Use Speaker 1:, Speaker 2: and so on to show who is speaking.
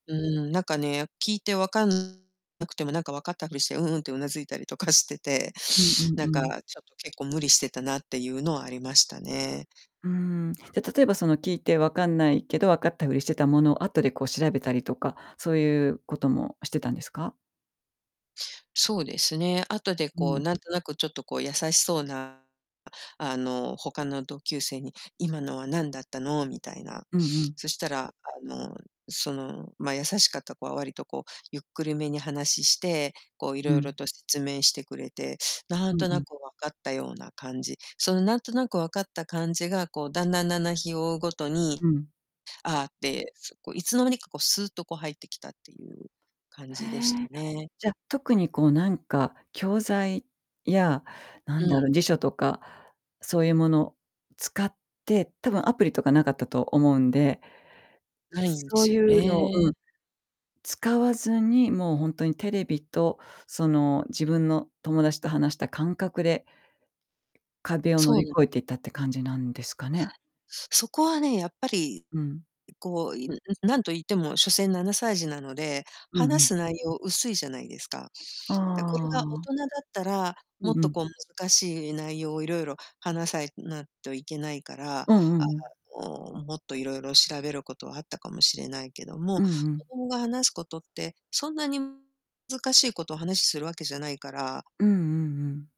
Speaker 1: うん、なんかね、聞いてわかんなくてもなんか、わかったふりして「うんうん」って頷いたりとかしてて、
Speaker 2: うんうん
Speaker 1: なん
Speaker 2: う
Speaker 1: か、
Speaker 2: ん。
Speaker 1: ちょっと結構無理してたなっていうのはありましたね。
Speaker 2: うん、じゃ、例えばその聞いてわかんないけど、わかったふりしてたものを、後でこう調べたりとか、そういうこともしてたんですか？
Speaker 1: そうですね、後で
Speaker 2: う
Speaker 1: こう
Speaker 2: ん。
Speaker 1: なんとなく、ちょっとこう優しそうなあの、他の同級生に「今のは何だったの？」みたいな。
Speaker 2: うんうん。
Speaker 1: そしたらあの、その、ま、優しかった子は割とこうゆっくりめに話して、こうい
Speaker 2: う
Speaker 1: ろいろ
Speaker 2: ん。
Speaker 1: と説明してくれてなん
Speaker 2: うん
Speaker 1: と
Speaker 2: う
Speaker 1: な
Speaker 2: ん。
Speaker 1: く、わかったような感じ。そのなんとなくわかった感じがこう、だんだん、だんだん日を追うごとに、
Speaker 2: うん。
Speaker 1: 「ああ」って、そう、こう、いつの間にかこう、スーッとこう、入ってきたっていう感
Speaker 2: へ
Speaker 1: じでした
Speaker 2: え。
Speaker 1: ね。
Speaker 2: じゃ、特にこうなんか、教材や、な
Speaker 1: う
Speaker 2: んだ
Speaker 1: ん。
Speaker 2: ろ、辞書とかそういうもの使って、多分アプリとか無かったと思うんで
Speaker 1: ないんで
Speaker 2: そう
Speaker 1: す
Speaker 2: い
Speaker 1: よ
Speaker 2: うのう
Speaker 1: ね。
Speaker 2: ん、使わずに、もうほんとにテレビと、その自分の友達と話した感覚で壁を乗
Speaker 1: そ
Speaker 2: り
Speaker 1: うな
Speaker 2: 越えて行ったって感じなんですかね？
Speaker 1: そこはね、やっぱり、
Speaker 2: うん。
Speaker 1: うこう、いんん、何と言っても所詮、7歳児なので、
Speaker 2: うんう
Speaker 1: 話
Speaker 2: ん。
Speaker 1: す内容薄いじゃないですか。
Speaker 2: あ
Speaker 1: だ、これが大
Speaker 2: あ。
Speaker 1: 人だったら、
Speaker 2: う
Speaker 1: も
Speaker 2: ん
Speaker 1: っ
Speaker 2: う
Speaker 1: と
Speaker 2: ん。
Speaker 1: こう難しい内容をいろいろ話さいなっといけないから、
Speaker 2: うんう
Speaker 1: あ、
Speaker 2: んうん。
Speaker 1: うん、もっといろいろ調べることはあったかもしれないけども、
Speaker 2: うんう
Speaker 1: 子
Speaker 2: ん。
Speaker 1: 供が話すことってそんなにずかしいことを話しするわけじゃないから
Speaker 2: うんうんうん。